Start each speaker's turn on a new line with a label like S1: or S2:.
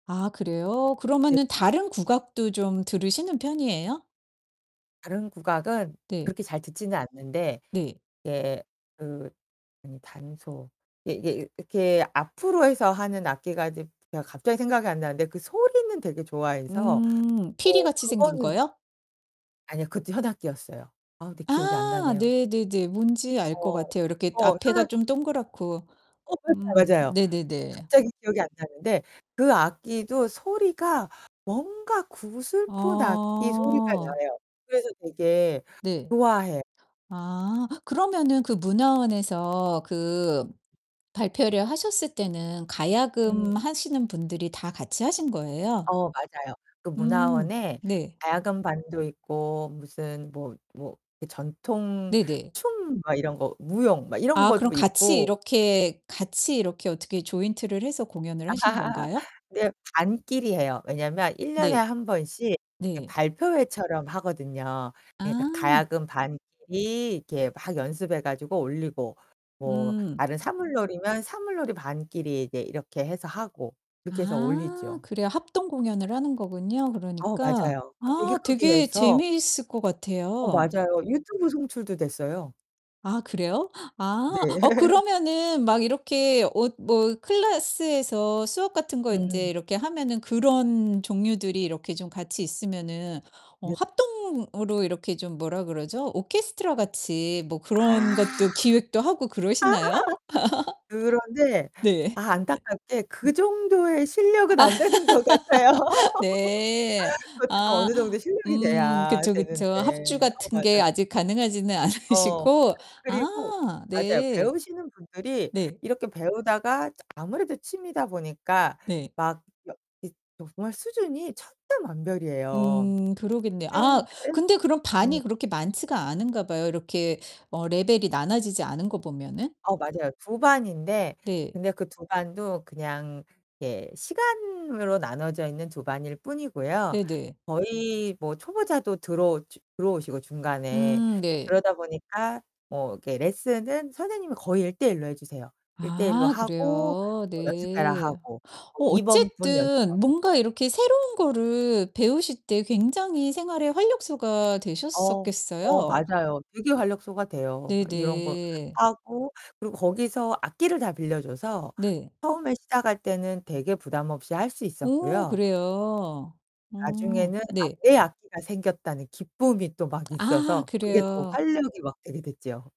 S1: 아 그래요?
S2: 네.
S1: 그러면은 다른 국악도 좀 들으시는 편이에요?
S2: 다른 국악은
S1: 네.
S2: 그렇게 잘 듣지는 않는데.
S1: 네.
S2: 예, 그 아니 단소. 이게 이게 이 이렇게 앞으로 해서 하는 악기가 이제 제가 갑자기 생각이 안 나는데 그 소리는 되게 좋아해서
S1: 음,
S2: 어
S1: 피리같이 생긴
S2: 그거는
S1: 거요?
S2: 아니요, 그것도 현악기였어요. 아, 근데 기억이 안
S1: 아
S2: 나네요.
S1: 네네네. 뭔지 알 것
S2: 어,
S1: 같아요. 이렇게
S2: 어.
S1: 앞에가
S2: 현악기요.
S1: 좀 동그랗고
S2: 어 [unintelligible]
S1: 음,
S2: 맞아요. 어
S1: 네네네.
S2: 갑자기 기억이 안 나는데 그 악기도 소리가 뭔가 구슬픈 악기 소리가
S1: 어.
S2: 나요. 그래서 되게
S1: 네.
S2: 좋아해
S1: 아 그러면은 그 문화원에서 그 발표를 하셨을 때는
S2: 음.
S1: 가야금 하시는 분들이 다 같이 하신 거예요?
S2: 어 맞아요. 그
S1: 음
S2: 문화원에
S1: 네.
S2: 가야금 반도 있고 무슨 뭐 뭐 이 전통
S1: 네네.
S2: 춤 막 이런 거 무용 막 이런
S1: 아, 그럼
S2: 것도
S1: 같이
S2: 있고.
S1: 이렇게 같이 이렇게 어떻게 조인트를 해서 공연을 하신 건가요?
S2: 네, 반끼리 해요. 왜냐면 1 년에
S1: 네.
S2: 1 번씩 이렇게
S1: 네.
S2: 발표회처럼 하거든요. 그러니까
S1: 아.
S2: 가야금 반끼리 이렇게 막 연습해 가지고 올리고. 뭐
S1: 음.
S2: 다른 사물놀이면 사물놀이반끼리 이제 이렇게 해서 하고. 이렇게 해서
S1: 아.
S2: 올리죠.
S1: 그래요. 합동 공연을 하는 거군요,
S2: 어,
S1: 그러니까.
S2: 맞아요. 그거 되게
S1: 아,
S2: 크게
S1: 되게
S2: 해서
S1: 재미있을 것
S2: 어
S1: 같아요.
S2: 맞아요. 유튜브 송출도 됐어요.
S1: 아, 그래요? 아, 어
S2: 네.
S1: 그러면은 막 이렇게 어 뭐 클래스에서 수업 같은 거 인제
S2: 음.
S1: 이렇게 하면은 그런 종류들이 이렇게 좀 같이 있으면은 어 합동으로 이렇게 좀 뭐라 그러죠? 오케스트라같이 뭐
S2: 아.
S1: 그런 것도 기획도 하고 그러시나요?
S2: 그런데
S1: 네.
S2: 아 안타깝게 그
S1: 네
S2: 정도의 실력은 안 되는 것 같아요.
S1: 네.
S2: 그것도 좀
S1: 아.
S2: 어느 정도 실력이
S1: 음.
S2: 돼야
S1: 그쵸, 그쵸. 합주
S2: 되는데. 어,
S1: 같은 게
S2: 맞아요.
S1: 아직 가능하지는
S2: 어. 그
S1: 않으시고
S2: 그리고
S1: 아,
S2: 맞아요.
S1: 네.
S2: 배우시는 분들이
S1: 네.
S2: 이렇게 배우다가 아무래도 취미다 보니까
S1: 네.
S2: 막 여 이 정말 수준이 천차만별이에요.
S1: 음. 그러겠네요. 아,
S2: [unintelligible]
S1: 근데 그럼
S2: 음.
S1: 반이 그렇게 많지가 않은가 봐요. 이렇게 어 레벨이 나눠지지 않은 거 보면은.
S2: 어 맞아요. 2 반인데
S1: 네.
S2: 근데 그 2 반도 그냥 예, 시간으로 나눠져 있는 2 반일 뿐이고요.
S1: 네네.
S2: 거의 뭐 초보자도 들어오 저 들어오시고 중간에.
S1: 음, 네.
S2: 그러다 보니까 뭐 이렇게 레슨은 선생님이 거의 1:1 로 해 주세요. 1:1 로
S1: 아
S2: 하고
S1: 그래요?
S2: 뭐 "연습해라."
S1: 네.
S2: 하고. 뭐
S1: 어,
S2: 이번 분
S1: 어쨌든
S2: 연습하고.
S1: 뭔가 이렇게 새로운 거를 배우실 때 굉장히 생활에 활력소가
S2: 어. 어,
S1: 되셨었겠어요.
S2: 맞아요. 되게 활력소가 돼요. 막 이런 거
S1: 네네.
S2: 하고 그리고 거기서 악기를 다 빌려줘서
S1: 네.
S2: 처음에 시작할 때는 되게 부담 없이 할 수
S1: 오
S2: 있었고요.
S1: 그래요? 어.
S2: 나중에는 악
S1: 네.
S2: 내 악기가 생겼다는 기쁨이 또 막
S1: 아
S2: 있어서 그게 또
S1: 그래요.
S2: 활력이 막 되게 됐죠.